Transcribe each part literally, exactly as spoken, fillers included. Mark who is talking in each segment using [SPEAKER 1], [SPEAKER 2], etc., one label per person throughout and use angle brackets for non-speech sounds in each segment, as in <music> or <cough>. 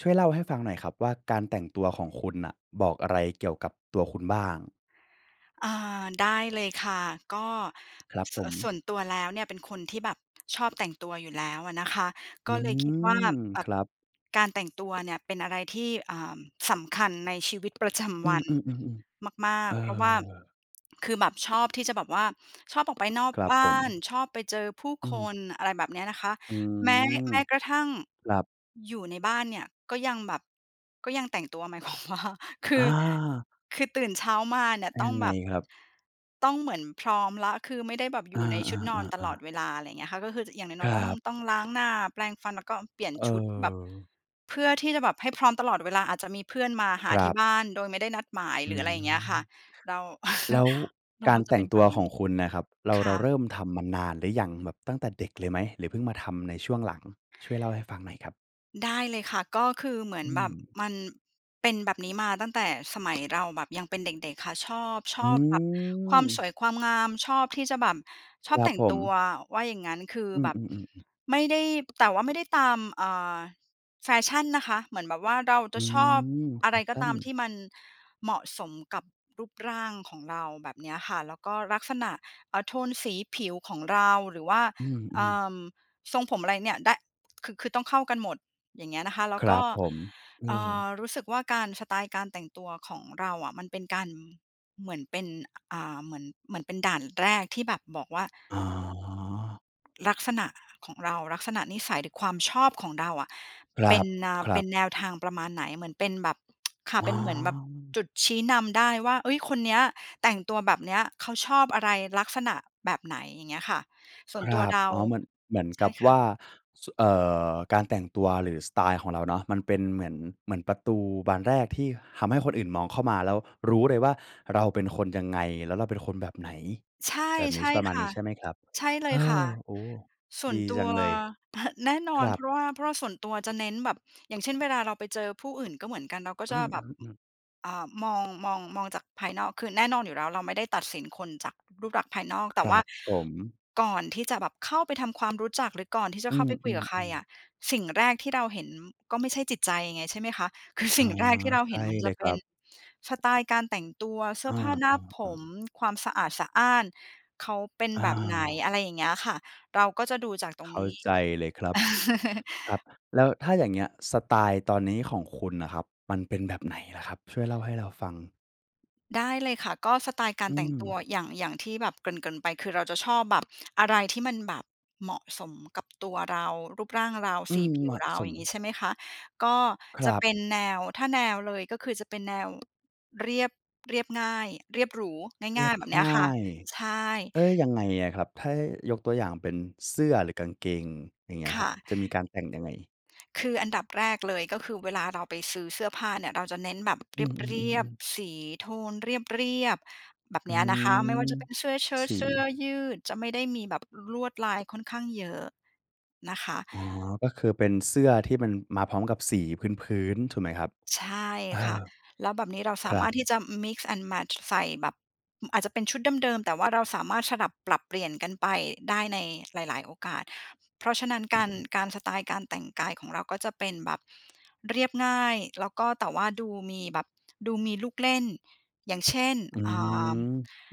[SPEAKER 1] ช่วยเล่าให้ฟังหน่อยครับว่า การแต่งตัวของคุณน่ะบอกอะไรเกี่ยวกับตัวคุณบ้าง?
[SPEAKER 2] อา ได้เลยค่ะ ก็
[SPEAKER 1] ครับ
[SPEAKER 2] ส
[SPEAKER 1] ผ
[SPEAKER 2] ะ ส่
[SPEAKER 1] ม
[SPEAKER 2] วนตัวแล้วเนี่ย เป็นคนที่แบบ ชอบแต่งตัวอยู่แล้วอะนะคะ ก
[SPEAKER 1] อื
[SPEAKER 2] ็เลยคิดว่า
[SPEAKER 1] ม
[SPEAKER 2] แบ
[SPEAKER 1] ค
[SPEAKER 2] บ
[SPEAKER 1] รับ
[SPEAKER 2] การ แต่งตัวเนี่ยเป็นอะไรที่ เอ่อ สำคัญในชีวิตประจ
[SPEAKER 1] อื
[SPEAKER 2] ำวั
[SPEAKER 1] อ
[SPEAKER 2] น
[SPEAKER 1] ๆ ๆ
[SPEAKER 2] มา
[SPEAKER 1] ๆ เ
[SPEAKER 2] ก
[SPEAKER 1] ออ
[SPEAKER 2] ๆ เพราะว่าคือแบบชอบที่จะแบบว่า ชอบออก ไปนอก
[SPEAKER 1] ครับ
[SPEAKER 2] บ้า
[SPEAKER 1] ผ
[SPEAKER 2] น
[SPEAKER 1] ม
[SPEAKER 2] ชอบไปเจอผู้
[SPEAKER 1] อื
[SPEAKER 2] ค
[SPEAKER 1] ม
[SPEAKER 2] น อะไรแบบเานี้ยนะคะ
[SPEAKER 1] อื
[SPEAKER 2] แม้
[SPEAKER 1] ม
[SPEAKER 2] แม้กระทั่ง
[SPEAKER 1] ครับ
[SPEAKER 2] อยู่ในบ้านเนี่ยก็ยังแบบก็ยังแต่งตัว หมาย ความว่า คือ
[SPEAKER 1] อา
[SPEAKER 2] คือตื่นเช้ามาเนี่ยต้
[SPEAKER 1] ย
[SPEAKER 2] อ
[SPEAKER 1] ั
[SPEAKER 2] ง
[SPEAKER 1] งไ
[SPEAKER 2] แ
[SPEAKER 1] ง
[SPEAKER 2] บบ
[SPEAKER 1] ครับ?
[SPEAKER 2] ต้องเหมือนพร้อมแล้ว คือไม่ได้แบบอ
[SPEAKER 1] อ
[SPEAKER 2] ย
[SPEAKER 1] า
[SPEAKER 2] ู่ในชุดนอนตลอด
[SPEAKER 1] ๆ ๆ ๆ
[SPEAKER 2] เวลา อะไรอย่างเงี้ยค่ะ ก็คือจะ อย่าง
[SPEAKER 1] ค
[SPEAKER 2] น้อ
[SPEAKER 1] ร
[SPEAKER 2] ย
[SPEAKER 1] ั
[SPEAKER 2] ๆ ต้อง
[SPEAKER 1] บ
[SPEAKER 2] ต้องล้าง หน้าแปรงฟัน แล้วก็เปลี่ยน
[SPEAKER 1] เ
[SPEAKER 2] ชุดแบบ
[SPEAKER 1] ออ
[SPEAKER 2] เพื่อที่จะแบบให้ พร้อมตลอดเวลา อาจจะมีเพื่อนมาห
[SPEAKER 1] ค
[SPEAKER 2] า
[SPEAKER 1] ร
[SPEAKER 2] ที
[SPEAKER 1] ั
[SPEAKER 2] ่
[SPEAKER 1] บ
[SPEAKER 2] บ้านโดยไม่ได้นัดหมาย
[SPEAKER 1] อ
[SPEAKER 2] ห
[SPEAKER 1] ื
[SPEAKER 2] รืออะไรอย่างเงี้ยค่ะ
[SPEAKER 1] ม
[SPEAKER 2] เรา
[SPEAKER 1] แล้ว
[SPEAKER 2] <chuckles> เรา
[SPEAKER 1] กา
[SPEAKER 2] ก
[SPEAKER 1] ร
[SPEAKER 2] ็จ
[SPEAKER 1] แ
[SPEAKER 2] ะ
[SPEAKER 1] ต
[SPEAKER 2] เ
[SPEAKER 1] ่
[SPEAKER 2] ป็
[SPEAKER 1] ง
[SPEAKER 2] น
[SPEAKER 1] ต
[SPEAKER 2] แบ
[SPEAKER 1] ัว
[SPEAKER 2] บน
[SPEAKER 1] ข
[SPEAKER 2] ั้
[SPEAKER 1] อ
[SPEAKER 2] น
[SPEAKER 1] งคุณน่ะครับ เรา
[SPEAKER 2] ค
[SPEAKER 1] เร
[SPEAKER 2] ่
[SPEAKER 1] า
[SPEAKER 2] ะ
[SPEAKER 1] เริ่มทำมานานหรือยัง แบบตั้งแต่เด็กเลยไหมหรือเพิ่งมาทำในช่วงหลัง? ช่วยเล่าให้ฟังหน่อยครับ
[SPEAKER 2] ได้เลยค่ะ ก็คือเหมื
[SPEAKER 1] อ
[SPEAKER 2] อ
[SPEAKER 1] ื
[SPEAKER 2] นแบบ
[SPEAKER 1] ม
[SPEAKER 2] มันเป็นแบบนี้มาตั้งแต่สมัย เราแบบยังเป็นเด็ก ๆ ค่ะ ชอบ ช
[SPEAKER 1] อื
[SPEAKER 2] อบแบบ ความส
[SPEAKER 1] ม
[SPEAKER 2] วยความงาม ชอบที่จะแบบ ช
[SPEAKER 1] ค
[SPEAKER 2] อบ
[SPEAKER 1] รั
[SPEAKER 2] แต
[SPEAKER 1] บ
[SPEAKER 2] ่ง
[SPEAKER 1] ผ
[SPEAKER 2] ตัว
[SPEAKER 1] ม
[SPEAKER 2] ว่าอย่างงั้น คือ
[SPEAKER 1] อื
[SPEAKER 2] แบบ
[SPEAKER 1] ม ๆ ๆ ๆ
[SPEAKER 2] ไม่ได้ แต่ว่าไม่ได้ตาม อ่า แฟชั่นนะคะ เหมือนแบบว่าเรา
[SPEAKER 1] อ
[SPEAKER 2] จะ
[SPEAKER 1] ื
[SPEAKER 2] ชอบ
[SPEAKER 1] ม แ
[SPEAKER 2] อ
[SPEAKER 1] ฟ
[SPEAKER 2] ะไร
[SPEAKER 1] ช
[SPEAKER 2] ก็
[SPEAKER 1] ั่
[SPEAKER 2] ต
[SPEAKER 1] น
[SPEAKER 2] ามที่มันเหมาะสมกับรูปร่างของเรา แบบเนี้ยค่ะ แล้วก็ลักษณะ เอ่อ โทนสีผิวของเรา หรือว่า
[SPEAKER 1] อื
[SPEAKER 2] เอ่
[SPEAKER 1] ม ๆ
[SPEAKER 2] อ ทรงผมอะไรเนี่ยได้ คือ คือต้องเข้ากันหมด อย่างเงี้ยนะคะ แล้
[SPEAKER 1] ค
[SPEAKER 2] ว
[SPEAKER 1] ร
[SPEAKER 2] ก
[SPEAKER 1] ั
[SPEAKER 2] ็
[SPEAKER 1] บผม เอ
[SPEAKER 2] เอ่
[SPEAKER 1] อ
[SPEAKER 2] อ รู้สึกว่าการ สไตล์การแต่งตัวของเราอะมันเป็นการ เหมือนเป็น อ่า เหมือน เหมือนเป็นด่านแรกที่แบบบอกว่า
[SPEAKER 1] อ๋อ
[SPEAKER 2] ลักษณะของเรา ลักษณะนิสัยหรือความชอบของเราอะ
[SPEAKER 1] คร
[SPEAKER 2] เป็น เอ่อ เป
[SPEAKER 1] ั
[SPEAKER 2] ็
[SPEAKER 1] บ ๆ
[SPEAKER 2] นแนวทางประมาณไหน เหมือนเป็นแบบ <tsk> ค่ะ
[SPEAKER 1] อ๋
[SPEAKER 2] เป
[SPEAKER 1] อ
[SPEAKER 2] ็นเหมือนแบบจุดชี้นำได้ว่า เฮ้ย คนเนี้ยแต่งตัวแบบเนี้ย เขาชอบอะไร ลักษณะแบบไหน อย่างเงี้ยค่ะ ส่
[SPEAKER 1] ค
[SPEAKER 2] วน
[SPEAKER 1] ร
[SPEAKER 2] ตัว
[SPEAKER 1] ับ
[SPEAKER 2] เรา
[SPEAKER 1] อ๋อ เหมือน เหมือน
[SPEAKER 2] ใช
[SPEAKER 1] กั
[SPEAKER 2] ่
[SPEAKER 1] บ
[SPEAKER 2] ค
[SPEAKER 1] ว
[SPEAKER 2] ่ะ
[SPEAKER 1] ่าสุ เอ่อ การแต่งตัวหรือสไตล์ของเราเนาะ มันเป็นเหมือน เหมือนประตูบานแรกที่ทำให้คนอื่นมองเข้ามา แล้วรู้เลยว่าเราเป็นคนยังไง แล้วเราเป็นคนแบบไหน
[SPEAKER 2] ใช่
[SPEAKER 1] แบบนี
[SPEAKER 2] ใช
[SPEAKER 1] ้ ช
[SPEAKER 2] ่
[SPEAKER 1] ประมาณ
[SPEAKER 2] ค
[SPEAKER 1] น
[SPEAKER 2] ่
[SPEAKER 1] ี
[SPEAKER 2] ะ
[SPEAKER 1] ้ใช่ไหมครับ?
[SPEAKER 2] ใช่เล
[SPEAKER 1] เฮ
[SPEAKER 2] ย
[SPEAKER 1] ้
[SPEAKER 2] ค่ะ
[SPEAKER 1] อ โอ้โฮ
[SPEAKER 2] ส่ว
[SPEAKER 1] ด
[SPEAKER 2] น
[SPEAKER 1] ี
[SPEAKER 2] ตั
[SPEAKER 1] จั
[SPEAKER 2] ว
[SPEAKER 1] งเลย
[SPEAKER 2] <chuckles> แน่นอ
[SPEAKER 1] ค
[SPEAKER 2] น
[SPEAKER 1] รั
[SPEAKER 2] เพ
[SPEAKER 1] บ
[SPEAKER 2] ราะว่า เพราะว่าส่วนตัวจะเน้นแบบ อย่างเช่น เวลาเราไปเจอผู้อื่นก็เหมือนกัน เราก็
[SPEAKER 1] อื
[SPEAKER 2] จะแบบ
[SPEAKER 1] ม ๆ ๆ
[SPEAKER 2] อ่า มอง มอง มองจากภายนอก คือแน่นอนอยู่แล้ว เราไม่ได้ตัดสินคนจากรูปลักษณ์ภายนอก
[SPEAKER 1] ค
[SPEAKER 2] แต่
[SPEAKER 1] ร
[SPEAKER 2] ว่
[SPEAKER 1] ั
[SPEAKER 2] า
[SPEAKER 1] บผม
[SPEAKER 2] ก่อนที่จะแบบเข้าไปทำความรู้จัก หรือก่อนที่จะ
[SPEAKER 1] อื
[SPEAKER 2] เข้าไปคุย
[SPEAKER 1] ม
[SPEAKER 2] กับใครอ
[SPEAKER 1] ๆ ๆ
[SPEAKER 2] ะ สิ่งแรกที่เราเห็นก็ไม่ใช่จิตใจไง ใช่ไหมคะ คือ
[SPEAKER 1] อ
[SPEAKER 2] สิ
[SPEAKER 1] า
[SPEAKER 2] ่ง ที่เรา
[SPEAKER 1] ใช
[SPEAKER 2] เห็
[SPEAKER 1] ่
[SPEAKER 2] นมัน
[SPEAKER 1] เ
[SPEAKER 2] จ
[SPEAKER 1] ล
[SPEAKER 2] ะ
[SPEAKER 1] ย
[SPEAKER 2] เ
[SPEAKER 1] ค
[SPEAKER 2] ป
[SPEAKER 1] ร
[SPEAKER 2] ็
[SPEAKER 1] ั
[SPEAKER 2] น
[SPEAKER 1] บ
[SPEAKER 2] สไตล์การแต่งตัว เสื้
[SPEAKER 1] อ
[SPEAKER 2] อผ้าหน้าผ
[SPEAKER 1] า ๆ ๆ
[SPEAKER 2] ม ความสะอาดสะอ้านเขาเป็น
[SPEAKER 1] อ
[SPEAKER 2] แบบไหน
[SPEAKER 1] า
[SPEAKER 2] อะไรอย่างเงี้ยค่ะ เราก็จะดูจากตร
[SPEAKER 1] เ
[SPEAKER 2] ง
[SPEAKER 1] ข้
[SPEAKER 2] น
[SPEAKER 1] า
[SPEAKER 2] ี้
[SPEAKER 1] ใจเลยครับ ครับ
[SPEAKER 2] <chuckles>
[SPEAKER 1] แล้วถ้าอย่างเงี้ย สไตล์ตอนนี้ของคุณน่ะครับ มันเป็นแบบไหนล่ะครับ? ช่วยเล่าให้เราฟัง
[SPEAKER 2] ได้เลยค่ะ ก็สไตล์กา
[SPEAKER 1] อ
[SPEAKER 2] ร
[SPEAKER 1] ื
[SPEAKER 2] แต่งตั
[SPEAKER 1] ม
[SPEAKER 2] ว อย่าง อย่างที่แบบเกริ่น ๆ ไปคือเราจะชอบแบบอะไรที่มันแบบเหมาะสมกับตัวเรา รูปร่างเรา
[SPEAKER 1] อื
[SPEAKER 2] สี
[SPEAKER 1] ม
[SPEAKER 2] ผ
[SPEAKER 1] เ
[SPEAKER 2] ิ
[SPEAKER 1] หม
[SPEAKER 2] ว
[SPEAKER 1] าะ
[SPEAKER 2] เรา
[SPEAKER 1] ส
[SPEAKER 2] อย
[SPEAKER 1] ม
[SPEAKER 2] ่างงี้ใช่ไหมคะ ก็
[SPEAKER 1] ค
[SPEAKER 2] จ
[SPEAKER 1] ร
[SPEAKER 2] ะ
[SPEAKER 1] ับ
[SPEAKER 2] เป็นแนว ถ้าแนวเลยก็คือจะเป็นแนว เรียบ เรียบง่าย เรียบหรู
[SPEAKER 1] เร
[SPEAKER 2] ง
[SPEAKER 1] ี
[SPEAKER 2] ่า
[SPEAKER 1] ย
[SPEAKER 2] ย
[SPEAKER 1] บ
[SPEAKER 2] ๆ แบบเนี้
[SPEAKER 1] ง
[SPEAKER 2] ย
[SPEAKER 1] ่า
[SPEAKER 2] ค่ะ
[SPEAKER 1] ย
[SPEAKER 2] ใช่
[SPEAKER 1] เฮ้ย ยังไงอะครับ? ถ้ายกตัวอย่างเป็นเสื้อหรือกางเกง อย่างเงี้ย
[SPEAKER 2] ค
[SPEAKER 1] คร
[SPEAKER 2] ่
[SPEAKER 1] ับ
[SPEAKER 2] ะ
[SPEAKER 1] จะมีการแต่งยังไง?
[SPEAKER 2] คืออันดับแรกเลยก็คือเวลาเราไปซื้อเสื้อผ้าเนี่ย เราจะเน้นแบบ เ
[SPEAKER 1] อือ
[SPEAKER 2] รียบ
[SPEAKER 1] ๆ ๆ ๆ
[SPEAKER 2] ๆ สีโทนเรียบ ๆ แบบ
[SPEAKER 1] อ
[SPEAKER 2] เ
[SPEAKER 1] ื
[SPEAKER 2] นี้ยนะคะ ไม่ว่า
[SPEAKER 1] ม
[SPEAKER 2] จะเป็นเสื้อเชิ้
[SPEAKER 1] ส
[SPEAKER 2] ต เสื้อ
[SPEAKER 1] ี
[SPEAKER 2] ยืด จะไม่ได้มีแบบ ล ลวดลายค่อนข้างเยอะนะค
[SPEAKER 1] เอา
[SPEAKER 2] ะ
[SPEAKER 1] ะ อ๋อ ก็คือเป็นเสื้อที่มันมาพร้อมกับสีพื้น ๆ ถูกไหมครับ?
[SPEAKER 2] ใช่
[SPEAKER 1] เอ
[SPEAKER 2] ค่ะ
[SPEAKER 1] อ
[SPEAKER 2] แล้วแบบนี้เราส
[SPEAKER 1] ค
[SPEAKER 2] า
[SPEAKER 1] ร
[SPEAKER 2] ม
[SPEAKER 1] ั
[SPEAKER 2] าร
[SPEAKER 1] บ
[SPEAKER 2] ถที่จะ มิกซ์แอนด์แมตช์ ใส่แบบ อืม อาจจะเป็นชุดเดิม ๆ แต่ว่าเราสามารถสลับปรับเปลี่ยนกันไปได้ในหลาย ๆ โอกาส เพราะฉะนั้น การ การ สไตล์การแต่งกายของเราก็จะเป็นแบบเรียบง่าย แล้วก็ แต่ว่าดูมีแบบดูมีลูกเล่น อย่างเช่น
[SPEAKER 1] อื
[SPEAKER 2] อ่า
[SPEAKER 1] ม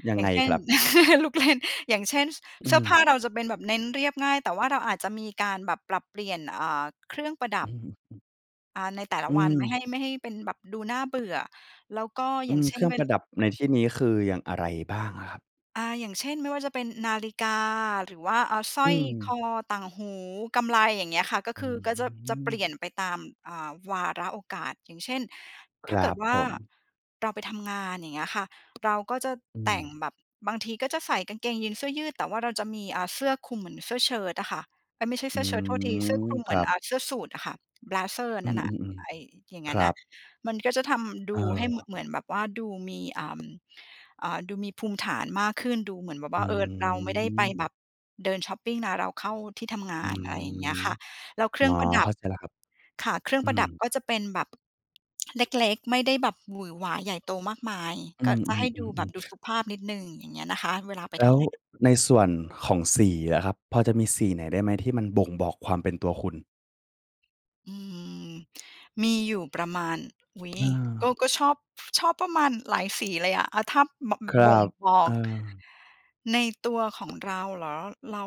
[SPEAKER 1] ยัง
[SPEAKER 2] อย่
[SPEAKER 1] ไง
[SPEAKER 2] างเช่
[SPEAKER 1] ค
[SPEAKER 2] น
[SPEAKER 1] รับ?
[SPEAKER 2] <chuckles> ลูกเล่น อย่างเช่น ส
[SPEAKER 1] อื
[SPEAKER 2] เสื้อผ
[SPEAKER 1] ม
[SPEAKER 2] ้าเราจะเป็นแบบเน้นเรียบง่าย แต่ว่าเราอาจจะมีการแบบปรับเปลี่ยน อ่า เครื่องประด
[SPEAKER 1] อ
[SPEAKER 2] ั
[SPEAKER 1] ื
[SPEAKER 2] บ
[SPEAKER 1] ม อือ อืม
[SPEAKER 2] อา ในแต่ล
[SPEAKER 1] อ
[SPEAKER 2] ะ
[SPEAKER 1] ื
[SPEAKER 2] วัน ไม่
[SPEAKER 1] ม
[SPEAKER 2] ให้ ไม่ให้เป็นแบบดูน่าเบื่อ แล้วก็
[SPEAKER 1] อ
[SPEAKER 2] อ
[SPEAKER 1] ื
[SPEAKER 2] ย่าง
[SPEAKER 1] ม
[SPEAKER 2] เช
[SPEAKER 1] เ
[SPEAKER 2] ่
[SPEAKER 1] คร
[SPEAKER 2] น
[SPEAKER 1] ื่อ
[SPEAKER 2] เ
[SPEAKER 1] ง
[SPEAKER 2] ว่
[SPEAKER 1] ป
[SPEAKER 2] น
[SPEAKER 1] ระดับ ในที่นี้คืออย่างอะไรบ้างอะครับ?
[SPEAKER 2] อา อย่างเช่น ไม่ว่าจะเป็นนาฬิกา หรือว่า อ่า สร้
[SPEAKER 1] อื
[SPEAKER 2] อยค
[SPEAKER 1] ม
[SPEAKER 2] อ ต่างหู กำไล อย่างเงี้ยค่ะ ก็
[SPEAKER 1] อื
[SPEAKER 2] คือ ก็จะ จะเปลี
[SPEAKER 1] ม
[SPEAKER 2] ่ยนไปตาม อ่า วาระโอกาส อย่างเช่น
[SPEAKER 1] ค
[SPEAKER 2] ถ้
[SPEAKER 1] ร
[SPEAKER 2] าเกิ
[SPEAKER 1] ั
[SPEAKER 2] ด
[SPEAKER 1] บ
[SPEAKER 2] ว่
[SPEAKER 1] ผ
[SPEAKER 2] า
[SPEAKER 1] ม
[SPEAKER 2] เราไปทำงาน อย่างเงี้ยค่ะ เราก็จะ
[SPEAKER 1] อื
[SPEAKER 2] แต่ง
[SPEAKER 1] ม
[SPEAKER 2] แบบบางทีก็จะใส่กางเกงยีน เสื้อยืด แต่ว่าเราจะมี อ่า เสื้อคลุมเหมือนเสื้อเชิ้ตอะค่ะ เอ๊ย! ไม่ใช่
[SPEAKER 1] อ
[SPEAKER 2] เส
[SPEAKER 1] ื
[SPEAKER 2] ื้อเชิ้ต โทษที เสื้อค
[SPEAKER 1] ม
[SPEAKER 2] ลุม
[SPEAKER 1] ค
[SPEAKER 2] เหมื
[SPEAKER 1] ร
[SPEAKER 2] อ
[SPEAKER 1] ั
[SPEAKER 2] น
[SPEAKER 1] บ
[SPEAKER 2] อ่า เสื้อสูทอะค่ะ เบลเซอร์
[SPEAKER 1] อื
[SPEAKER 2] นั่นน่ะ
[SPEAKER 1] ม
[SPEAKER 2] ไอ้
[SPEAKER 1] ๆ
[SPEAKER 2] อย่าง
[SPEAKER 1] ๆ
[SPEAKER 2] นั
[SPEAKER 1] ค
[SPEAKER 2] ้น
[SPEAKER 1] ร
[SPEAKER 2] น่
[SPEAKER 1] ั
[SPEAKER 2] ะ
[SPEAKER 1] บ
[SPEAKER 2] มันก็จะทำ ดูให้ ม
[SPEAKER 1] เออ
[SPEAKER 2] เหมือนแบบว่าดูมี เอ่อ อ่า ดูมีภูมิฐานมากขึ้น ดูเหมือนแบบ
[SPEAKER 1] อ
[SPEAKER 2] ว
[SPEAKER 1] ื
[SPEAKER 2] ่า เออ เราไม่ได้ไป
[SPEAKER 1] ม
[SPEAKER 2] แบบเดินช็อปปิงนะ เราเข้าที่ทำง
[SPEAKER 1] อ
[SPEAKER 2] า
[SPEAKER 1] ื
[SPEAKER 2] น อะไรอย่างเงี้ย
[SPEAKER 1] ม
[SPEAKER 2] ค่ะ แล้วเคร
[SPEAKER 1] อ
[SPEAKER 2] ื
[SPEAKER 1] ๋
[SPEAKER 2] ่
[SPEAKER 1] อ
[SPEAKER 2] องประดั
[SPEAKER 1] เข
[SPEAKER 2] บ
[SPEAKER 1] ้าใจแล้วครับ
[SPEAKER 2] ค่ะ เครื่อง
[SPEAKER 1] อื
[SPEAKER 2] ประ
[SPEAKER 1] ม
[SPEAKER 2] ดับก็จะเป็นแบบ เล็ก ๆ ไม่ได้แบบหวือหวาใหญ่โตมากมาย
[SPEAKER 1] อื
[SPEAKER 2] ก็
[SPEAKER 1] ม
[SPEAKER 2] จะให้ดูแบ
[SPEAKER 1] ๆ
[SPEAKER 2] บดู
[SPEAKER 1] ๆ ๆ
[SPEAKER 2] สุภาพนิดหนึ่ง อย่างเงี้ยนะคะ เวลาไป
[SPEAKER 1] แล
[SPEAKER 2] ท
[SPEAKER 1] ้ว
[SPEAKER 2] ำงาน
[SPEAKER 1] ในส่วนของสีล่ะครับ พอจะมีสีไหนได้ไหม? ที่มันบ่งบอกความเป็นตัวคุณ
[SPEAKER 2] อื้อฮือ! มีอยู่ประมาณ อุ๊ย ก็
[SPEAKER 1] เออ
[SPEAKER 2] ก็ชอบ ชอบประมาณหลายสี เลยอะ อะ ถ้าบะ
[SPEAKER 1] ครั
[SPEAKER 2] บ่ง
[SPEAKER 1] บ
[SPEAKER 2] บ
[SPEAKER 1] เ
[SPEAKER 2] อ
[SPEAKER 1] อ
[SPEAKER 2] ก
[SPEAKER 1] อ
[SPEAKER 2] ในตัวของเรา เหรอ? เรา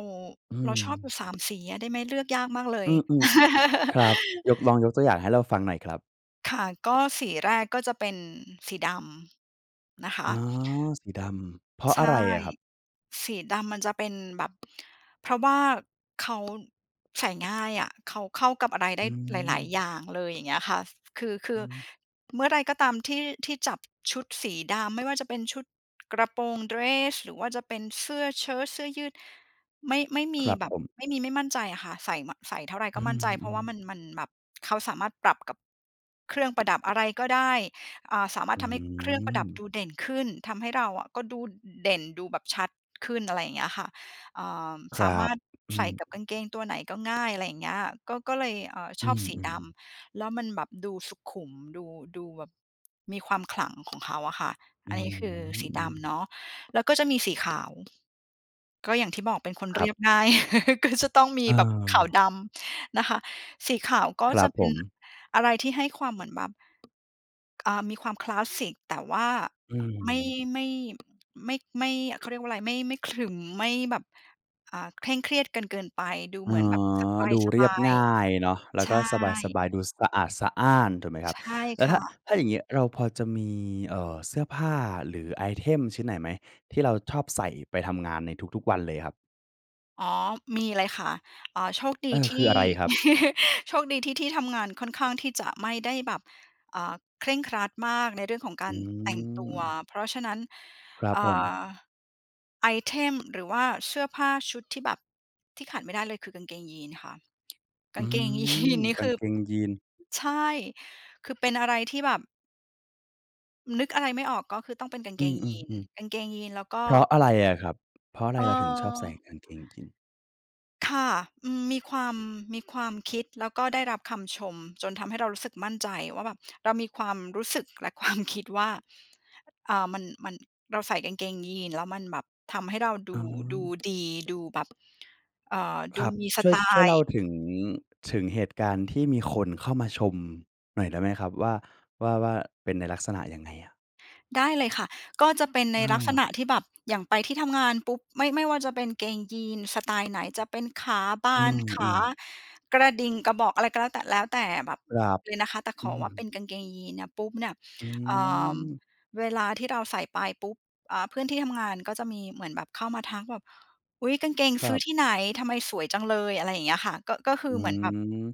[SPEAKER 1] อือ
[SPEAKER 2] เราชอบอยู่ สาม สีอะ ได้ไหม? เลือกยากมากเล
[SPEAKER 1] อ
[SPEAKER 2] ย
[SPEAKER 1] ืม ๆ ค
[SPEAKER 2] <laughs>
[SPEAKER 1] รับ ยก ลองยกตัวอย่างให้เราฟังหน่อยครับ
[SPEAKER 2] ค่ะ ก็สีแรกก็จะเป็นสีดำ นะค
[SPEAKER 1] อ๋
[SPEAKER 2] ะ
[SPEAKER 1] อ สีดำ เพราะ
[SPEAKER 2] ใช
[SPEAKER 1] อะไร
[SPEAKER 2] ่
[SPEAKER 1] อะครับ?
[SPEAKER 2] สีดำมันจะเป็นแบบ เพราะว่าเขา ใส่ง่ายอะ เขาเข้ากับอะไรได
[SPEAKER 1] อื
[SPEAKER 2] ้หลาย
[SPEAKER 1] ม
[SPEAKER 2] ๆ อย่างเลย อย่างเงี้ยค่ะ คือ คื
[SPEAKER 1] อื
[SPEAKER 2] อ
[SPEAKER 1] อฮึ
[SPEAKER 2] เมื่อไรก็ตามที่ ที่จับชุดสีดำ ไม่ว่าจะเป็นชุด กระโปรงเดรส หรือว่าจะเป็นเสื้อเชิ้ต เสื้อยืด ไม่ ไม่ม
[SPEAKER 1] ค
[SPEAKER 2] ี
[SPEAKER 1] รับ
[SPEAKER 2] แบ
[SPEAKER 1] ผ
[SPEAKER 2] บ
[SPEAKER 1] ม
[SPEAKER 2] ไม่มีไม่มั่นใจอะค่ะ ใส่ม่ะ ใส่เท่าไรก
[SPEAKER 1] อื
[SPEAKER 2] ็มั่นใจ เพราะ
[SPEAKER 1] ม
[SPEAKER 2] ว่
[SPEAKER 1] ๆ
[SPEAKER 2] ามัน มันแบบ เขาสามารถปรับกับ เครื่องประดับ อะไรก็ได้ อ่า สามาร
[SPEAKER 1] อ
[SPEAKER 2] ถ
[SPEAKER 1] ื้
[SPEAKER 2] ท
[SPEAKER 1] อ
[SPEAKER 2] ำ
[SPEAKER 1] ฮ
[SPEAKER 2] ให
[SPEAKER 1] ื
[SPEAKER 2] ้เครื่องประดับ
[SPEAKER 1] อ
[SPEAKER 2] ดูเด่นขึ้น ทำให้เราอะก็ดู อือ อือ เด่น ดูแบบชัดขึ้น อะไรอย่างเงี้ยค่ะ เอ่อ
[SPEAKER 1] ค
[SPEAKER 2] ส
[SPEAKER 1] ร
[SPEAKER 2] า
[SPEAKER 1] ั
[SPEAKER 2] มา
[SPEAKER 1] บ
[SPEAKER 2] รถ
[SPEAKER 1] อื
[SPEAKER 2] ใส่กับ
[SPEAKER 1] ม
[SPEAKER 2] กางเกงตัวไหนก็ง่าย อะไรอย่างเงี้ย ก็ ก็เลย เอ่อ ช
[SPEAKER 1] อื
[SPEAKER 2] อบสีด
[SPEAKER 1] ม ๆ
[SPEAKER 2] ำ แล้วมันแบบดูสุขุม ดู ดูแบบมีความขลังของ เขาอะค่ะ
[SPEAKER 1] อื
[SPEAKER 2] อันนี้คือ สีด
[SPEAKER 1] ม ๆ
[SPEAKER 2] ำเนาะ แล้วก็จะมีสีขาว ก็อย่างที่บอกเป็นคน
[SPEAKER 1] ค
[SPEAKER 2] เ
[SPEAKER 1] ร
[SPEAKER 2] ร
[SPEAKER 1] ั
[SPEAKER 2] ี
[SPEAKER 1] บ
[SPEAKER 2] ยบ ง่าย <chuckles> ก็จะต้องมีแบบขาว-
[SPEAKER 1] เออ
[SPEAKER 2] ดำ นะคะ สีขาวก็
[SPEAKER 1] คร
[SPEAKER 2] จ
[SPEAKER 1] ั
[SPEAKER 2] ะ
[SPEAKER 1] บ
[SPEAKER 2] เป
[SPEAKER 1] ผ
[SPEAKER 2] ็น
[SPEAKER 1] ม
[SPEAKER 2] อะไรที่ให้ความเหมือนแบบ อ่า มีความคลาสสิก แต่ว่า
[SPEAKER 1] อื้อ
[SPEAKER 2] ไม
[SPEAKER 1] ฮื
[SPEAKER 2] ่
[SPEAKER 1] อ
[SPEAKER 2] ไม่ ไม่ ไม่ เขา เรียกว่าไร ไม่ ไม่ขรึม ไม่แบบ อ่า เคร่งเครียดกันเกินไป ดู
[SPEAKER 1] อ๋
[SPEAKER 2] เห
[SPEAKER 1] อ
[SPEAKER 2] มือนแบบส
[SPEAKER 1] ดูเร
[SPEAKER 2] บ
[SPEAKER 1] ีย
[SPEAKER 2] า
[SPEAKER 1] บ
[SPEAKER 2] ย
[SPEAKER 1] ง่ายเนาะ แล
[SPEAKER 2] ๆ
[SPEAKER 1] ้
[SPEAKER 2] ใ
[SPEAKER 1] ว
[SPEAKER 2] ช
[SPEAKER 1] ก็สบ
[SPEAKER 2] ่
[SPEAKER 1] าย ๆ ดูสะอาดสะอ้าน ถูกไหมครั
[SPEAKER 2] ใ
[SPEAKER 1] บ?
[SPEAKER 2] ช่
[SPEAKER 1] แล้
[SPEAKER 2] ค
[SPEAKER 1] วถ
[SPEAKER 2] ่
[SPEAKER 1] ้า อ่า
[SPEAKER 2] ะ
[SPEAKER 1] ถ้าอย่างเงี้ยเราพอจะมี เอ่อ เสื้อผ้าหรือไอเทมชิ้นไหนไหม? ที่เราชอบใส่ไปทำงานในทุก ๆ วันเลยครับ
[SPEAKER 2] อ๋อ มี เลยค่ะ อ่า โชคดี
[SPEAKER 1] เออ
[SPEAKER 2] ท
[SPEAKER 1] ค
[SPEAKER 2] ี
[SPEAKER 1] ือ
[SPEAKER 2] ่
[SPEAKER 1] อะไรครับ?
[SPEAKER 2] <laughs> โชคดีที่ที่ทำงานค่อนข้างที่จะไม่ได้แบบ อ่า เคร่งครัดมากในเรื่องของกา
[SPEAKER 1] อื
[SPEAKER 2] รแต่งตัว
[SPEAKER 1] ม
[SPEAKER 2] เพราะฉะนั้น
[SPEAKER 1] ครับ
[SPEAKER 2] อ่
[SPEAKER 1] ผม
[SPEAKER 2] า ไอเทม หรือว่าเสื้อผ้าชุดที่แบบ ที่ขาดไม่ได้เลยคือกางเกงยีนค่ะ ก
[SPEAKER 1] อ
[SPEAKER 2] า
[SPEAKER 1] ื
[SPEAKER 2] งเกง ยี
[SPEAKER 1] ม
[SPEAKER 2] น นี่
[SPEAKER 1] ก
[SPEAKER 2] ค
[SPEAKER 1] าง
[SPEAKER 2] ือ
[SPEAKER 1] เกงยีน
[SPEAKER 2] ใช่ คือเป็นอะไรที่แบบ นึกอะไรไม่ออก ก็คือต้องเป็นกาง
[SPEAKER 1] อ
[SPEAKER 2] เ
[SPEAKER 1] ื
[SPEAKER 2] กงยีน
[SPEAKER 1] ม
[SPEAKER 2] ก
[SPEAKER 1] ๆ
[SPEAKER 2] างเกงยีนแล้วก็
[SPEAKER 1] ๆ เพราะอะไรอะครับ? เพราะอะไ
[SPEAKER 2] เอ
[SPEAKER 1] ร
[SPEAKER 2] ่
[SPEAKER 1] เราถึงชอบใส่
[SPEAKER 2] อ
[SPEAKER 1] กางเกงยีน?
[SPEAKER 2] ค่ะ อืม มีความ มีความคิด แล้วก็ได้รับคำชม จนทำให้เรารู้สึกมั่นใจว่าแบบ เรามีความรู้สึกและ ความคิด ว่า อ่า มัน มัน เราใส่กางเกงยีนแล้วมันแบบทำให้เราด
[SPEAKER 1] อื
[SPEAKER 2] ู ดู
[SPEAKER 1] ม
[SPEAKER 2] ดี ดูแบบ อ่า ด
[SPEAKER 1] ค
[SPEAKER 2] ู
[SPEAKER 1] รับ
[SPEAKER 2] มีส
[SPEAKER 1] ช่ว
[SPEAKER 2] ไต
[SPEAKER 1] ย ช่วย
[SPEAKER 2] ล
[SPEAKER 1] เล่
[SPEAKER 2] ์
[SPEAKER 1] าถึง ถึงเหตุการณ์ที่มีคนเข้ามาชม หน่อยได้ไหมครับว่า ว่า ว่าเป็นในลักษณะยังไงอะ?
[SPEAKER 2] ได้เลยค่ะ ก็จะเป็นใน
[SPEAKER 1] อ
[SPEAKER 2] ลักษณ
[SPEAKER 1] า
[SPEAKER 2] ะที่แบบ อย่างไปที่ทำงานปุ๊บ ไม่ ไม่ว่าจะเป็นเกงยีน สไตล์ไหน จะเป็นขาบ
[SPEAKER 1] อื
[SPEAKER 2] าน ขา
[SPEAKER 1] อ ๆ
[SPEAKER 2] กระดิ่ง กระบอกอะไรก็แล้วแต่ แล้วแต่แบบ
[SPEAKER 1] ครับ
[SPEAKER 2] เลยนะคะ แต่
[SPEAKER 1] อ
[SPEAKER 2] ข
[SPEAKER 1] ื
[SPEAKER 2] อว่าเป็
[SPEAKER 1] ม
[SPEAKER 2] นกางเกงยีนเนี่ยปุ๊บเนี่ย
[SPEAKER 1] อื
[SPEAKER 2] อ่า
[SPEAKER 1] ม
[SPEAKER 2] เวลาที่เราใส่ไปปุ๊บ อ่า เพื่อนที่ทำงานก็จะมีเหมือนแบบเข้ามาทักแบบ "อุ๊ย! กางเกง
[SPEAKER 1] ค
[SPEAKER 2] ซ
[SPEAKER 1] ร
[SPEAKER 2] ื
[SPEAKER 1] ั
[SPEAKER 2] ้อ
[SPEAKER 1] บ
[SPEAKER 2] ที่ไหน? ทำไมสวยจังเลย" อะไรอย่างเงี้ยค่ะ ก็ ก็ คื
[SPEAKER 1] อื
[SPEAKER 2] อเหมือนแบบ
[SPEAKER 1] ม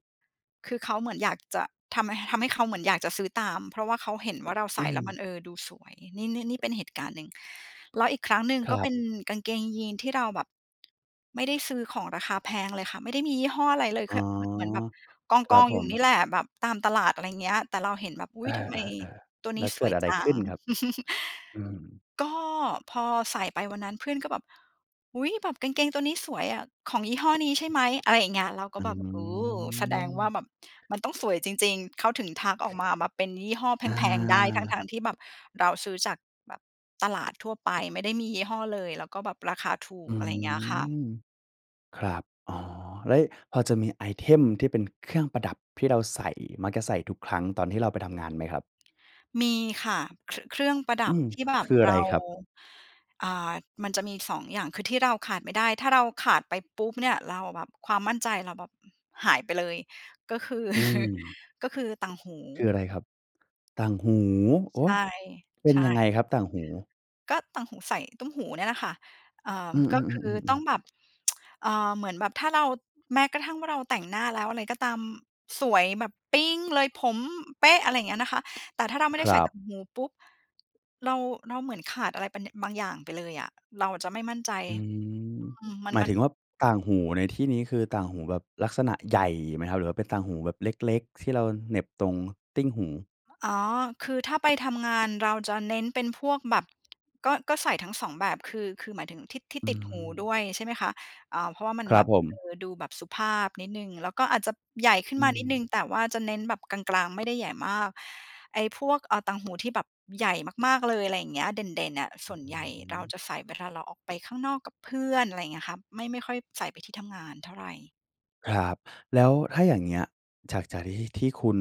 [SPEAKER 2] คือเขาเหมือนอยากจะ ทำ ห ทำให้เขาเหมือนอยากจะซื้อตาม เพราะว่าเขาเห็นว่าเราใส
[SPEAKER 1] อื
[SPEAKER 2] ่แล้ว
[SPEAKER 1] ม
[SPEAKER 2] มัน เออ ดูสวย นี่ นี่ นี่เป็นเหตุการณ์หนึ่ง แล้วอีกครั้งหนึ่ง
[SPEAKER 1] ค
[SPEAKER 2] ก
[SPEAKER 1] ร
[SPEAKER 2] ็
[SPEAKER 1] ั
[SPEAKER 2] เป
[SPEAKER 1] บ
[SPEAKER 2] ็นกางเกงยีนที่เราแบบ ไม่ได้ซื้อของราคาแพงเลยค่ะ ไม่ได้มียี่ห้ออะไรเลย
[SPEAKER 1] อ๋
[SPEAKER 2] แค
[SPEAKER 1] อ
[SPEAKER 2] ่เมอ เหมือนแบบก
[SPEAKER 1] ครับ
[SPEAKER 2] อง ๆ
[SPEAKER 1] ผ
[SPEAKER 2] อยู่นี่
[SPEAKER 1] ม
[SPEAKER 2] แหละ แบบตามตลาด อะไรอย่างเงี้ย แต่เราเห็นแบบ "อุ
[SPEAKER 1] เอ
[SPEAKER 2] ๊ย! ทำไม
[SPEAKER 1] อ ๆ
[SPEAKER 2] ตัว
[SPEAKER 1] ๆ แ
[SPEAKER 2] น
[SPEAKER 1] ล
[SPEAKER 2] ี้
[SPEAKER 1] ้ว
[SPEAKER 2] ส
[SPEAKER 1] เกิ
[SPEAKER 2] ว
[SPEAKER 1] ด
[SPEAKER 2] ย
[SPEAKER 1] อะไร
[SPEAKER 2] จั
[SPEAKER 1] ข
[SPEAKER 2] ง"
[SPEAKER 1] ึ้นครับ?
[SPEAKER 2] <chuckles>
[SPEAKER 1] อืม
[SPEAKER 2] ก็พอใส่ไปวันนั้นเพื่อนก็แบบ "อุ๊ย! แบบกางเกงตัวนี้สวยอะ ของยี่ห้อนี้ใช่ไหม?" อะไรอย่างเงี้ย เราก็
[SPEAKER 1] อื
[SPEAKER 2] แบบ โอ้ แสดง
[SPEAKER 1] ม
[SPEAKER 2] ว่าแบบมันต้องสวยจริง ๆ เขาถึงทักออกมาแบบเป็นยี่ห้อแ
[SPEAKER 1] อา
[SPEAKER 2] พง ๆ ได้ ทั้ง ๆ ที่แบบเราซื้อจากแบบตลาดทั่วไป ไม่ได้มียี่ห้อเลย แล้วก็แบบราคาถู
[SPEAKER 1] อื
[SPEAKER 2] ก อะไรอย่างเงี้ยค่ะ
[SPEAKER 1] ม ครับ อ๋อ เล้ยพอจะมีไอเทมที่เป็นเครื่องประดับที่เราใส่ มักจะใส่ทุกครั้งตอนที่เราไปทำงานไหมครับ?
[SPEAKER 2] มีค่ะ ครึ เครื่องประด
[SPEAKER 1] อื
[SPEAKER 2] ับ
[SPEAKER 1] ม
[SPEAKER 2] ที่แบ
[SPEAKER 1] ค
[SPEAKER 2] บ
[SPEAKER 1] ืออะ
[SPEAKER 2] เ
[SPEAKER 1] ไ
[SPEAKER 2] ร
[SPEAKER 1] ร
[SPEAKER 2] า
[SPEAKER 1] ครับ?
[SPEAKER 2] อ่า มันจะมีสองอย่าง คือที่เราขาดไม่ได้ ถ้าเราขาดไปปุ๊บเนี่ย เราแบบความมั่นใจเราแบบ อืม หายไปเลย ก็คือ
[SPEAKER 1] อื
[SPEAKER 2] <chuckles>
[SPEAKER 1] ม
[SPEAKER 2] ก็คือต่างหู
[SPEAKER 1] คืออะไรครับ? ต่างหู โอ
[SPEAKER 2] ใ
[SPEAKER 1] ๊
[SPEAKER 2] ช
[SPEAKER 1] ะ!
[SPEAKER 2] ่
[SPEAKER 1] เป็
[SPEAKER 2] ใ
[SPEAKER 1] น
[SPEAKER 2] ช่
[SPEAKER 1] ยังไงครับต่างหู?
[SPEAKER 2] ก็ต่างหู ใส่ตุ้มหูเนี่ยแหละค่ะ อ่า
[SPEAKER 1] อือ
[SPEAKER 2] ก็คือ
[SPEAKER 1] ๆ
[SPEAKER 2] ต
[SPEAKER 1] ๆ
[SPEAKER 2] ้อ
[SPEAKER 1] ๆ
[SPEAKER 2] ง
[SPEAKER 1] ๆ
[SPEAKER 2] แบบ <tsk> อ่า เหมือนแบบถ้าเรา แม้กระทั่งว่าเราแต่งหน้าแล้วอะไรก็ตาม สวยแบบปิ๊งเลย ผมเป๊ะ อะไรอย่างเงี้ยนะคะ แต่ถ้าเราไม่ไ
[SPEAKER 1] ค
[SPEAKER 2] ด้
[SPEAKER 1] ร
[SPEAKER 2] ใส่
[SPEAKER 1] ั
[SPEAKER 2] ต
[SPEAKER 1] บ
[SPEAKER 2] ่างหูปุ๊บ เรา เราเหมือนขาดอะไรไปนึ บางอย่างไปเลยอะ เราอะจะไม่มั่นใจ
[SPEAKER 1] อืม
[SPEAKER 2] อืม มัน
[SPEAKER 1] หมา
[SPEAKER 2] ม
[SPEAKER 1] ย
[SPEAKER 2] ัน
[SPEAKER 1] ถึงว่าต่างหูในที่นี้ คือต่างหูแบบลักษณะใหญ่ไหมครับ? หรือว่าเป็นต่างหูแบบเล็ก ๆ ที่เราเหน็บตรงติ้ง หู
[SPEAKER 2] อ๋อ คือถ้าไปทำงานเราจะเน้นเป็นพวกแบบ ก็ ก็ใส่ทั้ง สอง แบบคือ คือหมายถึงที่ ที่
[SPEAKER 1] อื
[SPEAKER 2] ติดหูด
[SPEAKER 1] ม
[SPEAKER 2] ้วยใช่ไหมคะ? อ่า เพราะว่ามัน
[SPEAKER 1] คร
[SPEAKER 2] แ
[SPEAKER 1] ั
[SPEAKER 2] บ
[SPEAKER 1] บ
[SPEAKER 2] บ
[SPEAKER 1] ผ
[SPEAKER 2] เ
[SPEAKER 1] ม
[SPEAKER 2] ออ ดูแบบสุภาพนิดหนึ่ง แล้วก็อาจจะใหญ่ขึ้
[SPEAKER 1] อ
[SPEAKER 2] น
[SPEAKER 1] ื
[SPEAKER 2] มานิดหนึ
[SPEAKER 1] ม
[SPEAKER 2] ่ง แต่ว่าจะเน้นแบบกลาง ๆ ไม่ได้ใหญ่มาก ไอ้พวก อ่า ต่างหูที่แบบใหญ่มาก ๆ เลยอะไรอย่างเงี้ย เด่น ๆ อะ ส
[SPEAKER 1] อ
[SPEAKER 2] ่วน
[SPEAKER 1] ื
[SPEAKER 2] ใหญ่
[SPEAKER 1] อฮ
[SPEAKER 2] เรา
[SPEAKER 1] ึ
[SPEAKER 2] จะใส่เวลาเราออกไปข้างนอกกับเพื่อน อะไรอย่างเงี้ยครับ ไม่ ไม่ค่อยใส่ไปที่ทำงานเท่าไร
[SPEAKER 1] ครับ แล้วถ้าอย่างเงี้ย จาก จากที่ ที่คุณ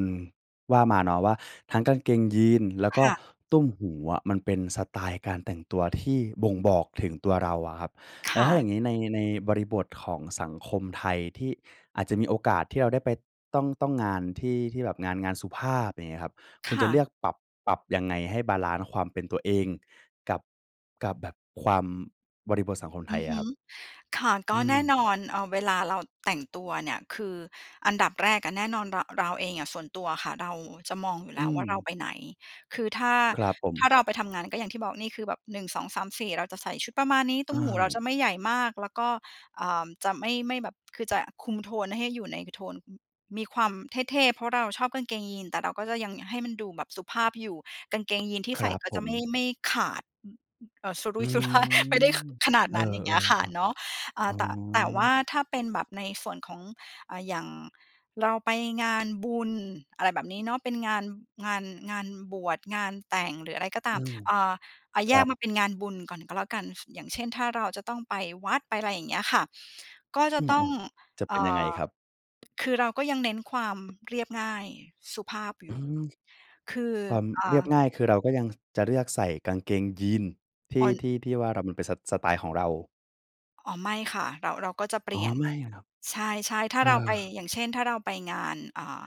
[SPEAKER 1] ว่ามาเนาะว่า ทั้งกางเกงยีนแล้ว
[SPEAKER 2] ค
[SPEAKER 1] ก็
[SPEAKER 2] ่ะ
[SPEAKER 1] ตุ้มหูอะมันเป็นสไตล์การแต่งตัวที่บ่งบอกถึงตัวเราอะครับ
[SPEAKER 2] ค
[SPEAKER 1] แล้ว
[SPEAKER 2] ่
[SPEAKER 1] ถ้าอ
[SPEAKER 2] ะ
[SPEAKER 1] ย่างงี้ใน ในบริบทของสังคมไทยที่อาจจะมีโอกาสที่เราได้ไป ต้อง ต้อง งานที่ ที่แบบงาน งานสุภาพ อย่างเงี้ยครับ ค
[SPEAKER 2] ค
[SPEAKER 1] ุณจ
[SPEAKER 2] ่
[SPEAKER 1] ะเล
[SPEAKER 2] ะ
[SPEAKER 1] ือกปรับ ปรับยังไงให้บาลันซ์ความเป็นตัวเองกับ กับแบบความ บริบทสังคมไ
[SPEAKER 2] อ
[SPEAKER 1] ท
[SPEAKER 2] ื
[SPEAKER 1] ย
[SPEAKER 2] อ
[SPEAKER 1] อ
[SPEAKER 2] ฮ
[SPEAKER 1] ะ
[SPEAKER 2] ึ
[SPEAKER 1] ครับ
[SPEAKER 2] ค่ะ ก
[SPEAKER 1] อื
[SPEAKER 2] ็แน่
[SPEAKER 1] ม
[SPEAKER 2] นอน เอ่อ เวลาเราแต่งตัวเนี่ย คืออันดับแรกอะแน่นอน ระ เราเองอะ ส่วนตัวอะค่ะเราจะมองอยู่แ
[SPEAKER 1] อ
[SPEAKER 2] ล
[SPEAKER 1] ื
[SPEAKER 2] ้วว่า เรา
[SPEAKER 1] ม
[SPEAKER 2] ไปไหน? คือถ้า
[SPEAKER 1] ครับผ
[SPEAKER 2] ถ้า
[SPEAKER 1] ม
[SPEAKER 2] เราไปทำงานก็อย่างที่บอก นี่คือแบบ หนึ่งสองสามสี่ เราจะใส่ชุดประมาณนี้ ตุ้
[SPEAKER 1] อ
[SPEAKER 2] มหูเราจ
[SPEAKER 1] า
[SPEAKER 2] ะไม่ใหญ่มาก แล้วก็ เอ่อ จะไม่ ไม่แบบ คือจะคุมโทนให้อยู่ในโทน อืม มีความเท่ ๆ เพราะเราชอบกางเกงยีน แต่เราก็จะยังอยากให้มันดูแบบสุภาพอยู่ กางเกงยีน ที่
[SPEAKER 1] ค
[SPEAKER 2] ใส
[SPEAKER 1] ร
[SPEAKER 2] ่
[SPEAKER 1] ับ
[SPEAKER 2] ก็
[SPEAKER 1] ผ
[SPEAKER 2] จะไม่
[SPEAKER 1] ม
[SPEAKER 2] ไม่ขาด อือ อือ เอ่อ สุรุ
[SPEAKER 1] อ
[SPEAKER 2] ่
[SPEAKER 1] ื้
[SPEAKER 2] ย
[SPEAKER 1] อ
[SPEAKER 2] สุ
[SPEAKER 1] ฮ
[SPEAKER 2] ร
[SPEAKER 1] ื
[SPEAKER 2] ่าย ไม่ได้ ข ขนาด
[SPEAKER 1] อ เอ
[SPEAKER 2] น
[SPEAKER 1] อ
[SPEAKER 2] ั้น อย่างเงี้ยค่ะ
[SPEAKER 1] ๆ
[SPEAKER 2] เนาะ อ่
[SPEAKER 1] ๆ อ๋
[SPEAKER 2] า แต่ แต่ว่า
[SPEAKER 1] อ
[SPEAKER 2] ถ้าเป็นแบบในส่วนของ อ่า อย่างเราไปงานบุญ อะไรแบบนี้เนาะ เป็นงาน งาน งานบวช งานแต่ง หรืออะไรก็ตา
[SPEAKER 1] อื
[SPEAKER 2] ม
[SPEAKER 1] ม
[SPEAKER 2] เอ่อ อะ แ
[SPEAKER 1] ค
[SPEAKER 2] ย
[SPEAKER 1] รั
[SPEAKER 2] ก
[SPEAKER 1] บ
[SPEAKER 2] มาเป็นงานบุญก่อนก็แล้วกัน อย่างเช่น ถ้าเราจะต้องไปวัดไปอะไรอย่างเงี้ยค่ะ ก็จะ
[SPEAKER 1] อื
[SPEAKER 2] ต้อง
[SPEAKER 1] ม ๆ จะ
[SPEAKER 2] เอ
[SPEAKER 1] เป็
[SPEAKER 2] ่
[SPEAKER 1] นยังไง
[SPEAKER 2] อ
[SPEAKER 1] ครับ?
[SPEAKER 2] คือเราก็ยังเน้นความ เรียบง่ายสุภาพอย
[SPEAKER 1] อื
[SPEAKER 2] ู่
[SPEAKER 1] ม
[SPEAKER 2] คือ
[SPEAKER 1] ความ
[SPEAKER 2] อ่
[SPEAKER 1] เรี
[SPEAKER 2] า
[SPEAKER 1] ยบง่าย คือเราก็ยัง จะเลือกใส่กางเกง ยีน ที่
[SPEAKER 2] <unintelligible>
[SPEAKER 1] ที่ ที่ว่า เรา มันเป็นสะ สไตล์ของเรา
[SPEAKER 2] อ๋อ ไม่ค่ะ เรา เราก็จะเป
[SPEAKER 1] อ
[SPEAKER 2] ล
[SPEAKER 1] ๋อ
[SPEAKER 2] ี่ยน
[SPEAKER 1] ไม่เหรอครับ?
[SPEAKER 2] ใช่ ๆ ถ้
[SPEAKER 1] เ
[SPEAKER 2] า
[SPEAKER 1] ออ
[SPEAKER 2] เราไป อย่างเช่น ถ้าเราไปงาน อ่า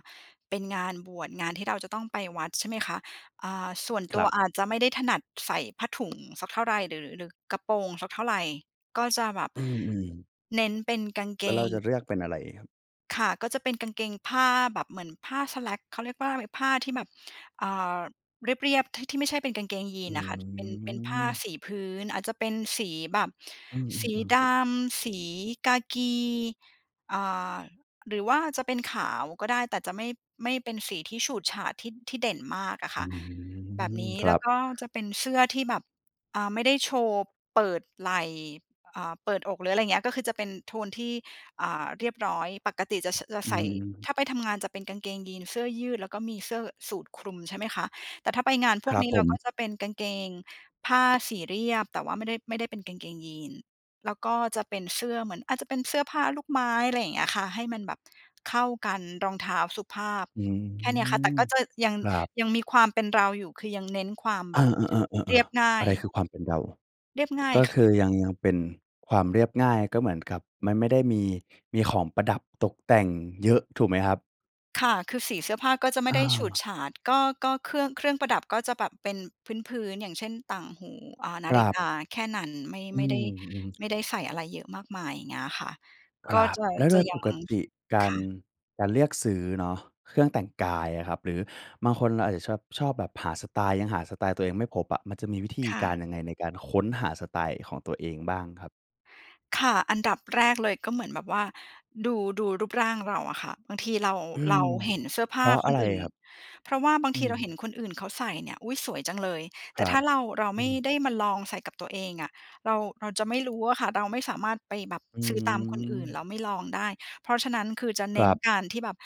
[SPEAKER 2] เป็นงานบวช งานที่เราจะต้องไปวัดใช่ไหมคะ อ่า ส่วนต
[SPEAKER 1] ค
[SPEAKER 2] ั
[SPEAKER 1] ร
[SPEAKER 2] ว
[SPEAKER 1] ับ
[SPEAKER 2] อาจจะไม่ได้ถนัดใส่ผ้าถุง สักเท่าไร หรือ หรือกระโปรงสักเท่าไร ก็จะแบบ
[SPEAKER 1] อืม ๆ
[SPEAKER 2] เน้นเป็นกางเก
[SPEAKER 1] แล้วเรา
[SPEAKER 2] ง
[SPEAKER 1] จะเลือกเป็นอะไรครับ?
[SPEAKER 2] ค่ะ ก็จะเป็นกางเกงผ้า แบบเหมือนผ้า slack เขาเรียกว่าอะไร ผ้าที่แบบ อ่า เรียบ ๆ ที่ ที่ไม่ใช่เป็นกางเกงยี
[SPEAKER 1] อื
[SPEAKER 2] นอะค่ะ เป็น เป็นผ้า
[SPEAKER 1] ม
[SPEAKER 2] สีพื้น อาจจะเป็นสีแบบ
[SPEAKER 1] อื
[SPEAKER 2] สี
[SPEAKER 1] ม ๆ
[SPEAKER 2] ด
[SPEAKER 1] ๆ
[SPEAKER 2] ำ สีกากี อ่า หรือว่าจะเป็นขาวก็ได้ แต่จะไม่ ไม่เป็นสีที่ฉูดฉาดที่ ที่เด่นมากอะ
[SPEAKER 1] อ
[SPEAKER 2] ค
[SPEAKER 1] ื
[SPEAKER 2] ่ะ แบบ
[SPEAKER 1] ม
[SPEAKER 2] นี้
[SPEAKER 1] ค
[SPEAKER 2] แ
[SPEAKER 1] ร
[SPEAKER 2] ล้
[SPEAKER 1] ั
[SPEAKER 2] ว
[SPEAKER 1] บ
[SPEAKER 2] ก็จะเป็นเสื้อที่แบบ อ่า ไม่ได้โชว์เปิดไหล่ อ่า เปิดอก หรืออะไรอย่างเงี้ย ก็คือจะเป็นโทนที่ อ่า เรียบร้อย ปกติจะ ส จะ
[SPEAKER 1] อื
[SPEAKER 2] ใส่
[SPEAKER 1] ม
[SPEAKER 2] ถ้าไปทำงานจะเป็นกางเกงยีน เสื้อยืด แล้วก็มีเสื้อสูทคลุมใช่ไหมคะ แต่ถ้าไปงานพ
[SPEAKER 1] ค
[SPEAKER 2] ว
[SPEAKER 1] ร
[SPEAKER 2] ก
[SPEAKER 1] ับ
[SPEAKER 2] นี้
[SPEAKER 1] ผ
[SPEAKER 2] เรา
[SPEAKER 1] ม
[SPEAKER 2] ก็จะเป็นกางเกงผ้า สีเรียบ แต่ว่าไม่ได้ ไม่ได้เป็นกางเกงยีน แล้วก็จะเป็นเสื้อเหมือน อาจจะเป็นเสื้อผ้าลูกไม้ อะไรอย่างเงี้ยค่ะ ให้มันแบบเข้ากัน รองเท้าสุภาพ
[SPEAKER 1] อื
[SPEAKER 2] แค่เนี้ยค่ะ แต่
[SPEAKER 1] ม
[SPEAKER 2] ก็จะยัง
[SPEAKER 1] ครับ
[SPEAKER 2] ยังมีความเป็นเราอยู่ คือยังเน้นความ
[SPEAKER 1] เ
[SPEAKER 2] แ
[SPEAKER 1] อ
[SPEAKER 2] บบ
[SPEAKER 1] อ ๆ ๆ
[SPEAKER 2] เรียบ
[SPEAKER 1] ๆ
[SPEAKER 2] ง่
[SPEAKER 1] ๆ
[SPEAKER 2] า
[SPEAKER 1] อะ
[SPEAKER 2] ย
[SPEAKER 1] ไรคือความเป็นเรา?
[SPEAKER 2] เรียบง่า
[SPEAKER 1] ก
[SPEAKER 2] ย
[SPEAKER 1] ็
[SPEAKER 2] ค
[SPEAKER 1] ค
[SPEAKER 2] ่ะ
[SPEAKER 1] ือยัง ยังเป็นความเรียบง่าย ก็เหมือนกับไม่ ไม่ได้มี มีของประดับตกแต่งเยอะถูกไหมครับ?
[SPEAKER 2] ค่ะ คือสีเสื้อผ้าก็จะไม
[SPEAKER 1] อ
[SPEAKER 2] ่ได้ ฉูด
[SPEAKER 1] า
[SPEAKER 2] ฉาด ก็ ก็เครื่อง เครื่องประดับก็จะแบบเป็นพื้น ๆ อย่างเช่น ต่างหู อ่า นา
[SPEAKER 1] คร
[SPEAKER 2] ฬิ
[SPEAKER 1] ับ
[SPEAKER 2] กา แค่นั้น ไม่
[SPEAKER 1] อื
[SPEAKER 2] ไม่ได
[SPEAKER 1] ม
[SPEAKER 2] ้
[SPEAKER 1] ๆ <tsk>
[SPEAKER 2] ไม่ได้ใส่อะไรเยอะมากมาย อย่างเงี้ยอะค่ะ
[SPEAKER 1] ค
[SPEAKER 2] ก็
[SPEAKER 1] รับ
[SPEAKER 2] จะ
[SPEAKER 1] แล้วโ
[SPEAKER 2] จ
[SPEAKER 1] ด
[SPEAKER 2] ะ
[SPEAKER 1] ย
[SPEAKER 2] ยั
[SPEAKER 1] ป
[SPEAKER 2] ง
[SPEAKER 1] กติก
[SPEAKER 2] ค
[SPEAKER 1] าร
[SPEAKER 2] ่ะ
[SPEAKER 1] การเลือกซื้อเนาะ เครื่องแต่งกายอะครับ หรือบางคนอาจจะชอ ชอบแบบหาสไตล์ ยังหาสไตล์ตัวเองไม่พบอะ มันจะมีวิธี
[SPEAKER 2] ค่
[SPEAKER 1] กา
[SPEAKER 2] ะ
[SPEAKER 1] รยังไงในการค้นหาสไตล์ของตัวเองบ้างครับ?
[SPEAKER 2] ค่ะ อันดับแรกเลยก็เหมือนแบบว่า ดู ดูรูปร่างเราอะค่ะ บางทีเรา
[SPEAKER 1] อื
[SPEAKER 2] เร
[SPEAKER 1] ม
[SPEAKER 2] าเห็นเสื้อผ
[SPEAKER 1] เพ
[SPEAKER 2] ้
[SPEAKER 1] ร
[SPEAKER 2] า
[SPEAKER 1] าะ
[SPEAKER 2] ค
[SPEAKER 1] อะ
[SPEAKER 2] น
[SPEAKER 1] ไร
[SPEAKER 2] อื่
[SPEAKER 1] คร
[SPEAKER 2] น
[SPEAKER 1] ับ?
[SPEAKER 2] เพราะว่าบาง
[SPEAKER 1] อื
[SPEAKER 2] ทีเราเ
[SPEAKER 1] ม
[SPEAKER 2] ห็นคนอื่นเขาใส่เนี่ย "อุ๊ย! สวยจังเลย" แต
[SPEAKER 1] ค
[SPEAKER 2] ่
[SPEAKER 1] ร
[SPEAKER 2] ถ
[SPEAKER 1] ั
[SPEAKER 2] ้
[SPEAKER 1] บ
[SPEAKER 2] าเรา เรา
[SPEAKER 1] อ
[SPEAKER 2] ไ
[SPEAKER 1] ื
[SPEAKER 2] ม่
[SPEAKER 1] ม
[SPEAKER 2] ได้มาลองใส่กับตัวเองอะ เรา เราจะไม่รู้อะค่ะ เราไม่สามารถไปแบบ
[SPEAKER 1] อื
[SPEAKER 2] ซื้อตามคนอื่น
[SPEAKER 1] ม
[SPEAKER 2] แล้วไม่ลองได้ เพราะฉะนั้นคือจะเ
[SPEAKER 1] ค
[SPEAKER 2] น
[SPEAKER 1] ร
[SPEAKER 2] ้น
[SPEAKER 1] ับ
[SPEAKER 2] การที่แบบ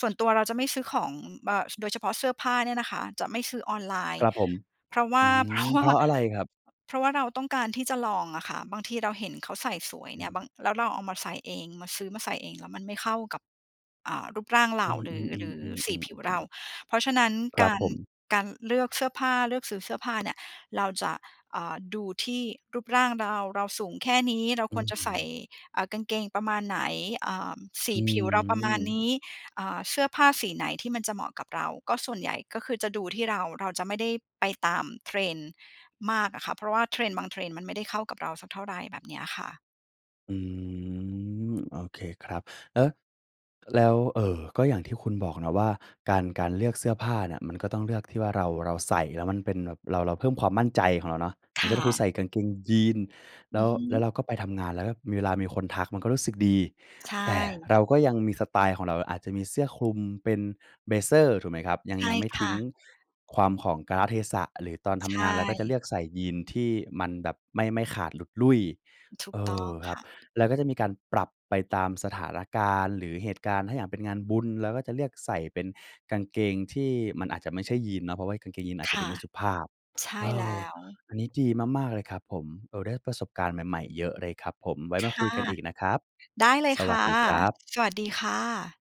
[SPEAKER 2] ส่วนตัวเราจะไม่ซื้อของเบอะ โดยเฉพาะเสื้อผ้าเนี่ยนะคะ จะไม่ซื้อออนไลน
[SPEAKER 1] ค
[SPEAKER 2] ์
[SPEAKER 1] รับผม
[SPEAKER 2] เพราะว่
[SPEAKER 1] อ
[SPEAKER 2] า
[SPEAKER 1] ื
[SPEAKER 2] เพรา
[SPEAKER 1] ม
[SPEAKER 2] ะว
[SPEAKER 1] เ
[SPEAKER 2] ่
[SPEAKER 1] พ
[SPEAKER 2] า
[SPEAKER 1] ราะอะไรครับ?
[SPEAKER 2] เพราะว่าเราต้องการที่จะลองอะค่ะ บางทีเราเห็นเขาใส่สวย
[SPEAKER 1] อ
[SPEAKER 2] เ
[SPEAKER 1] ื
[SPEAKER 2] น
[SPEAKER 1] อ
[SPEAKER 2] ี่ย
[SPEAKER 1] ฮึ
[SPEAKER 2] บาง แล้วเราเอามาใส่เอง มาซื้อมาใส่เองแล้วมันไม่เข้ากับ อ่า รูปร่างเร
[SPEAKER 1] อ
[SPEAKER 2] า
[SPEAKER 1] ื
[SPEAKER 2] หรือ หรือสี
[SPEAKER 1] อ ๆ
[SPEAKER 2] ผ
[SPEAKER 1] ๆ
[SPEAKER 2] ิวเร
[SPEAKER 1] ๆ ๆ ๆ
[SPEAKER 2] า เพราะฉะนั้น
[SPEAKER 1] คร
[SPEAKER 2] ก
[SPEAKER 1] ับ
[SPEAKER 2] า
[SPEAKER 1] ผ
[SPEAKER 2] ร
[SPEAKER 1] ม
[SPEAKER 2] การเลือกเสื้อผ้า เลือกซื้อเสื้อผ้าเนี่ย เราจะ อ่า ดูที่รูปร่างเรา เราสูงแค่นี้เรา
[SPEAKER 1] อ
[SPEAKER 2] ค
[SPEAKER 1] ื
[SPEAKER 2] วร
[SPEAKER 1] อ
[SPEAKER 2] จะ
[SPEAKER 1] ฮ
[SPEAKER 2] ใส่
[SPEAKER 1] ึ
[SPEAKER 2] อ่า กางเกงประมาณไหน อ่า ส
[SPEAKER 1] อ
[SPEAKER 2] ีผิวเราประมาณ
[SPEAKER 1] ืม
[SPEAKER 2] นี้ อ่า เสื้อผ้าสีไหนที่มันจะเหมาะกับเรา ก็ส่วนใหญ่ ก็คือจะดูที่เรา เราจะไม่ได้ไปตาม trend มากอะค่ะ เพราะว่า trend บาง trend มันไม่ได้เข้ากับเราสักเท่าไร แบบเนี้ยค่ะ
[SPEAKER 1] อืม โอเคครับ แล้ว แล้ว เอ่อ ก็อย่างที่คุณบอกเนาะว่าการ การเลือกเสื้อผ้าน่ะ มันก็ต้องเลือกที่ว่าเรา เราใส่แล้วมันเป็นแบบ เรา เราเพิ่มความมั่นใจของเราเนาะ อย
[SPEAKER 2] ค
[SPEAKER 1] ่างเช
[SPEAKER 2] ่
[SPEAKER 1] ่น ถ้าคุ
[SPEAKER 2] ะ
[SPEAKER 1] ณใส่กางเกงยีน
[SPEAKER 2] อ
[SPEAKER 1] แ
[SPEAKER 2] ื
[SPEAKER 1] ล้
[SPEAKER 2] อ
[SPEAKER 1] ว
[SPEAKER 2] ฮ
[SPEAKER 1] แล้วเ
[SPEAKER 2] ึ
[SPEAKER 1] ราก็ไปทำงาน แล้วแบบมี เวลามีคนทักมันก็รู้สึกดี
[SPEAKER 2] ใช
[SPEAKER 1] แต่
[SPEAKER 2] ่
[SPEAKER 1] เราก็ยังมีสไตล์ของเรา อาจจะมีเสื้อคลุม เป็น เบลเซอร์ ถูกไหมครับ ยั
[SPEAKER 2] ใ
[SPEAKER 1] ง
[SPEAKER 2] ช่
[SPEAKER 1] ยังไม่
[SPEAKER 2] ค
[SPEAKER 1] ท
[SPEAKER 2] ่
[SPEAKER 1] ิ้ง
[SPEAKER 2] ะ
[SPEAKER 1] ความ ของกาลเทศะ หรือตอนท
[SPEAKER 2] ใช
[SPEAKER 1] ำงานเราก็จะเล
[SPEAKER 2] ่
[SPEAKER 1] ือกใส่ยีนที่มันแบบไม่ ไม่ขาดหลุดลุ่ย
[SPEAKER 2] ถู
[SPEAKER 1] เ
[SPEAKER 2] ก
[SPEAKER 1] อ
[SPEAKER 2] ต้อง
[SPEAKER 1] อ ค
[SPEAKER 2] ค
[SPEAKER 1] รับ
[SPEAKER 2] ่ะ
[SPEAKER 1] แล้วก็จะมีการปรับไปตามสถานการณ์หรือเหตุการณ์ ถ้าอย่างเป็นงานบุญ เราก็จะเลือกใส่เป็นกางเกงที่มันอาจจะไม่ใช่ยีนเนาะ เพราะว่ากางเกงยีนอาจ
[SPEAKER 2] ค
[SPEAKER 1] จะดู
[SPEAKER 2] ่
[SPEAKER 1] ไ
[SPEAKER 2] ะ
[SPEAKER 1] ม่สุภาพ
[SPEAKER 2] ใช
[SPEAKER 1] เ
[SPEAKER 2] ่
[SPEAKER 1] อ
[SPEAKER 2] แล
[SPEAKER 1] อ
[SPEAKER 2] ้ว
[SPEAKER 1] อันนี้ดีมาก ๆ เลยครับผม เอ่อ ได้ประสบการณ์ใหม่ ๆ เยอะเลยครับผม ไว้
[SPEAKER 2] ค
[SPEAKER 1] มาค
[SPEAKER 2] ่
[SPEAKER 1] ุ
[SPEAKER 2] ะ
[SPEAKER 1] ยกันอีกนะครับ
[SPEAKER 2] ได้เลย
[SPEAKER 1] ส
[SPEAKER 2] ค
[SPEAKER 1] วั
[SPEAKER 2] ่
[SPEAKER 1] ส
[SPEAKER 2] ะ
[SPEAKER 1] ดีครับ
[SPEAKER 2] สวัสดีค่ะ